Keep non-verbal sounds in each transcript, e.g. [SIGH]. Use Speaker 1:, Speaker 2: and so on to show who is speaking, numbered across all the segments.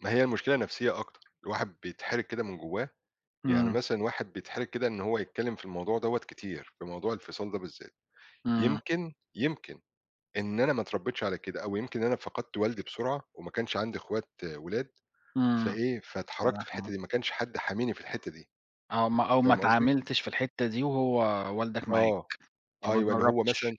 Speaker 1: ما هي المشكلة نفسيّة أكتر، الواحد بيتحرج كده من جوّاه. يعني
Speaker 2: إمم.
Speaker 1: مثلًا الواحد بيتحرج كده إن هو يتكلّم في الموضوع دَوَّة كتير، في موضوع الفصاّل ده بالذات.
Speaker 2: إمم.
Speaker 1: يمكن، يمكن، إن أنا ما اتربيتش على كده، أو يمكن إن أنا فقدت والدي
Speaker 2: [SNIFFS]
Speaker 1: بسرعة، وما كانش عندي أخوات ولاد،
Speaker 2: إمم.
Speaker 1: فإيه، فاتحرجت في الحتّة
Speaker 2: [UNINTELLIGIBLE]
Speaker 1: دي، ما كانش حد حاميني في الحتّة دي،
Speaker 2: أو ما أو ما
Speaker 1: فاهم قصدي؟
Speaker 2: اتعاملتش في الحتة دي وهو والدك معاك،
Speaker 1: آه.
Speaker 2: فما
Speaker 1: أيوَه، اللي هو مثلًا،
Speaker 2: جربتش.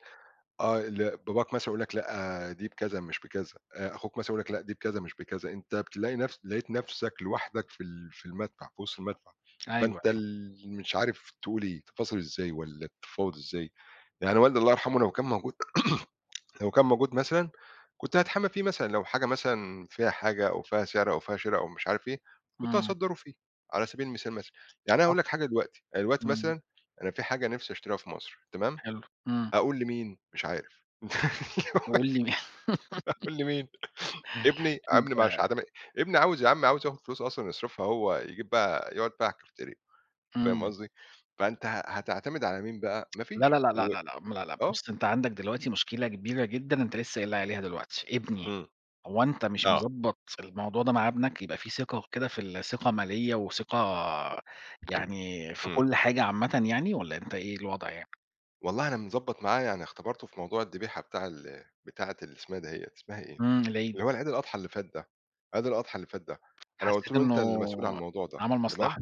Speaker 1: آه، اللي باباك مثلًا يقول لك لأ، دي بكذا مش بكذا، آآ، أخوك مثلًا يقول لك، لأ، دي بكذا مش بكذا، أنت بتلاقي نفسك لقيت نفْسك لوحدك في ال في المدفع، في وسط المدفع
Speaker 2: أيوه،
Speaker 1: فأنت
Speaker 2: أيوه.
Speaker 1: ال مش عارف تقول إيه، تفاصل إزاي والّا بتتفاوض إزاي. يعني والدي الله يرحمه لو كان موجود، [CLEARS THROAT] لو كان موجود مثلًا، كنت هاتحامى فيه مثلًا، لو حاجة مثلًا فيها حاجة أو فيها سعر أو فيها شرا أو مش عارف إيه، كنت
Speaker 2: إمم.
Speaker 1: هاصدّره فيها، على سبيل المثال مثلًا. يعني أنا
Speaker 2: صح.
Speaker 1: هاقول لك حاجة دلوقتي. دلوقتي
Speaker 2: إمم.
Speaker 1: مثلًا أنا في حاجة نفْسي أشتريها في مصر، تمام؟
Speaker 2: حلو، إمم.
Speaker 1: أقول لمين، مش عارف. [LAUGHS] أيوه،
Speaker 2: وقُل لي [LAUGHS]
Speaker 1: أقول لمين؟ ابني؟
Speaker 2: إنت
Speaker 1: ابني مش عدا م ابني عاوز يا عم، عاوز ياخد فلوس أصلًا يصرفها هو، يجيب بيها يقعد بيها على الكافتيريا. فاهم
Speaker 2: إمم.
Speaker 1: قصدي؟ فأنت ه هتعتمد على مين بقى؟ ما
Speaker 2: لأ، لأ،
Speaker 1: فيش.
Speaker 2: لأ،
Speaker 1: و
Speaker 2: لأ، لأ، م لأ، لأ،
Speaker 1: آه.
Speaker 2: بُص، أنت عندك دلوقتي مشكلة كبيرة جدًا، أنت لسّه قايل لي عليها دلوقتي، ابني،
Speaker 1: إمم،
Speaker 2: هو أنت مش
Speaker 1: آه.
Speaker 2: مضبط الموضوع ده مع ابنك؟ يبقى فيه ثقة كده في ثقة مالية وثقة يعني في
Speaker 1: إمم.
Speaker 2: كل حاجة عامةً يعني، والّا أنت إيه الوضع يعني؟
Speaker 1: والله أنا مضبط معاه، يعني اختبرته في موضوع الدبيحة بتاع ال بتاعّة اللي اسمها دهيّة، اسمها إيه؟
Speaker 2: إمم، العيد.
Speaker 1: اللي هو العيد الأضحى اللي فات ده، عيد الأضحى اللي فات ده، أنا قُلت
Speaker 2: حسيت
Speaker 1: له: "أنت
Speaker 2: إنّه
Speaker 1: اللي مسؤول عن الموضوع ده،
Speaker 2: عمل
Speaker 1: تمام؟"
Speaker 2: مصلحة.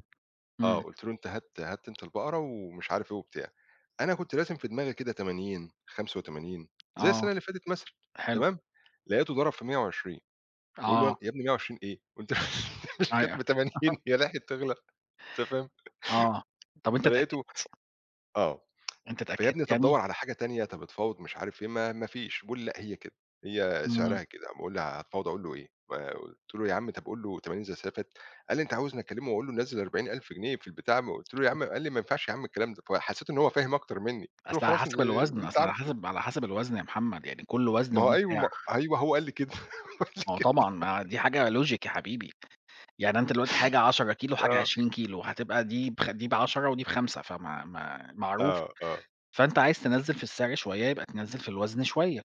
Speaker 1: آه،
Speaker 2: إمم.
Speaker 1: قُلت له: "أنت هات هات أنت البقرة." ومش عارف إيه وبتاع، أنا كنت راسم في دماغي كده 80، 85 زي السنة
Speaker 2: آه،
Speaker 1: اللي فاتت مثلًا،
Speaker 2: حلو.
Speaker 1: تمام؟ لقيته ضرب في 120، فباقول له: "ي
Speaker 2: آه.
Speaker 1: يا ابني 120 إيه؟! وأن مش كانت
Speaker 2: أيوه.
Speaker 1: ب80،
Speaker 2: [CHUCKLES]
Speaker 1: هي لحقت تغلى؟" أنت فاهم؟
Speaker 2: آه، طَب أنت
Speaker 1: فلقيته
Speaker 2: اتأكدت؟
Speaker 1: آه
Speaker 2: أنت
Speaker 1: [TSK] "فيا
Speaker 2: اتأكدت
Speaker 1: ابني طَب
Speaker 2: يعني؟
Speaker 1: دوّر على حاجة تانية، طَب اتفاوض." مش عارف إيه، ما ما فيش. بيقول لي: "لأ، هي كده، هي
Speaker 2: إمم.
Speaker 1: سعرها كده، ب قل لي هاتفاوض أقول له إيه؟" آآ، قُلت له: "يا عم طَب قل له 80 زي السنة اللي فاتت." قال لي: "أنت عاوزني أكلمه وأقول له نزل 40.000 جنيه في البتاع؟!" ما قُلت له يا
Speaker 2: [UNINTELLIGIBLE]
Speaker 1: عم قال لي: "ما ينفعش يا عم الكلام ده." فحسيت إن هو فاهم أكتر مِنّي. قُلت له:
Speaker 2: أصل على
Speaker 1: "خلاص، ال
Speaker 2: حسب
Speaker 1: اللي
Speaker 2: الوزن،
Speaker 1: أنت
Speaker 2: أصل على
Speaker 1: عارفه."
Speaker 2: حسب على حسب الوزن يا محمد، يعني كل وزن
Speaker 1: ما هو
Speaker 2: وليه
Speaker 1: أيوه، ما
Speaker 2: سعر.
Speaker 1: أيوه، هو قال لي كده، [LAUGHS] قال لي
Speaker 2: ما هو
Speaker 1: كده.
Speaker 2: طبعًا، ما دي حاجة logic يا حبيبي، يعني أنت دلوقتي حاجة 10 كيلو، وحاجة
Speaker 1: آه.
Speaker 2: 20 كيلو، هتبقى دي بخ دي ب10 ودي ب5، فما م معروف،
Speaker 1: آه، آه.
Speaker 2: فأنت عايز تنزِّل في السعر شويّة، يبقى تنزِّل في الوزن شويّة.